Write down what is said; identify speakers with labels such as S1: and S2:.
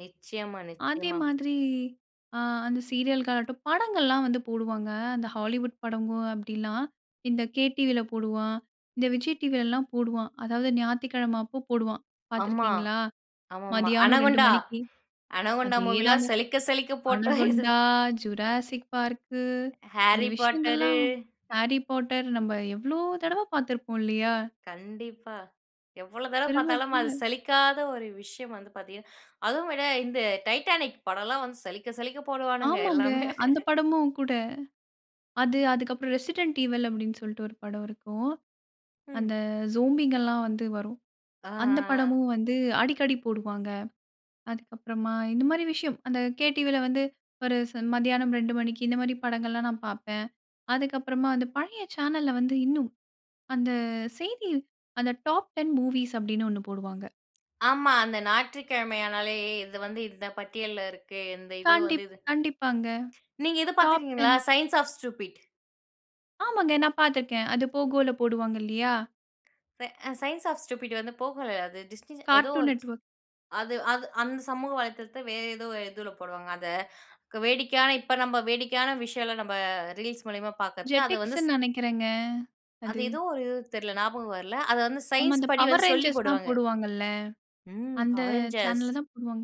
S1: நிச்சயமா,
S2: அதே
S1: நிச்சயமா.
S2: மாதிரி ஆ அந்த சீரியல் ஆகட்டும், படங்கள்லாம் வந்து போடுவாங்க. அந்த ஹாலிவுட் படமும் அப்படிலாம். இந்த KTvல போடுவான். இந்த Vijay Tvல எல்லாம் போடுவான். அதாவது ஞாயித்துக்கிழமை அப்ப போடுவான். பார்த்து
S1: ஆமா.
S2: இருக்கிறீங்களா?
S1: ஆமாமா.
S2: மதியானம் 2:00
S1: அனகோண்டா
S2: மணிக்கு.
S1: அனகோண்டா மூவிலாம்
S2: அதேதாங்க.
S1: சலிக்க சலிக்க போட்டோது
S2: "அனகுண்டா, ஜுராசிக் பார்க்கு" இந்த
S1: Harry Poterரு.
S2: விஷயங்கள்லாம் Harry Potter நம்ப எவ்வளவு தடவை பார்த்திருப்போம் இல்லையா?
S1: கண்டிப்பா. எவ்வளோ தடவ
S2: திரும்ப,
S1: பார்த்தாலும் அது
S2: திரும்ப.
S1: சலிக்காத ஒரு விஷயம் வந்து பாத்தீங்கன்னா, அதுவும் விட, இந்த டைட்டானிக் படம்லாம் வந்து சலிக்க சலிக்க போடுவானுங்க
S2: ஆமாங்க.
S1: எல்லாமே.
S2: அந்த படமும் கூட. அது அதுக்கப்புறம் "ரெசிடென்ட் ஈவல்" அப்படின்னு சொல்லிட்டு ஒரு படம் இருக்கும்.
S1: ம்.
S2: அந்த ஜோம்பிங்கலாம் வந்து வரும். அந்த
S1: ஆஹஹ.
S2: படமும் வந்து அடிக்கடி போடுவாங்க. அதுக்கப்புறமா, இந்த மாரி விஷயம், அந்த KTvல வந்து ஒரு ச மத்தியானம் 2:00 மணிக்கு இந்த மாதிரி படங்கள்லாம் நான் பார்ப்பேன். அதுக்கப்புறமா அந்த பழைய சேனல்ல வந்து இன்னும் அந்த செய்தி, அந்த டாப் 10 மூவிஸ் அப்படின்னு ஒண்ணு போடுவாங்க.
S1: ஆமா. அந்த ஞாயிற்றுக்கிழமையானாலே இது வந்து இந்த பட்டியல்ல இருக்கு. இந்த இது வந்து
S2: கண்டிப்
S1: இது.
S2: கண்டிப்பாங்க.
S1: நீங்க இது பார்த்து
S2: டாப்
S1: இருக்கீங்களா
S2: 10
S1: "சயன்ஸ் ஆஃப் ஸ்டூபிட்"
S2: ஆமாங்க. நான் பார்த்துருக்கேன், அது Pogoல போடுவாங்க இல்லையா?
S1: பே சயன்ஸ் ஆஃப் ஸ்டூபிட் வந்து Pogoல, அது டிஸ்டின் ஏதோ
S2: Cartoon
S1: ஒரு சி
S2: Network.
S1: அது அது அந்த சமூக வலைத்தளத்தை வேறு ஏதோ ஒரு இதுல போடுவாங்க. அதை வேடிக்கையான இப்ப நம்ப வேடிக்கையான விஷயங்கள நம்ம ரீல்ஸ் மூலியமா பார்க்குறது அது வந்து
S2: JETIXனு நினைக்கிறேங்க. அது.
S1: அது ஏதோ ஒரு இது, தெரில ஞாபகம் வரல. அத வந்து
S2: ஆமா.
S1: சயன்ஸ்
S2: அந்த
S1: படி
S2: Power
S1: வந்து சொல்லி
S2: Rangersலாம்
S1: போடுவாங்க.
S2: போடுவாங்கல்ல
S1: ம்,
S2: அந்த
S1: Power Rangers.
S2: சேனல்ல தான் போடுவாங்க.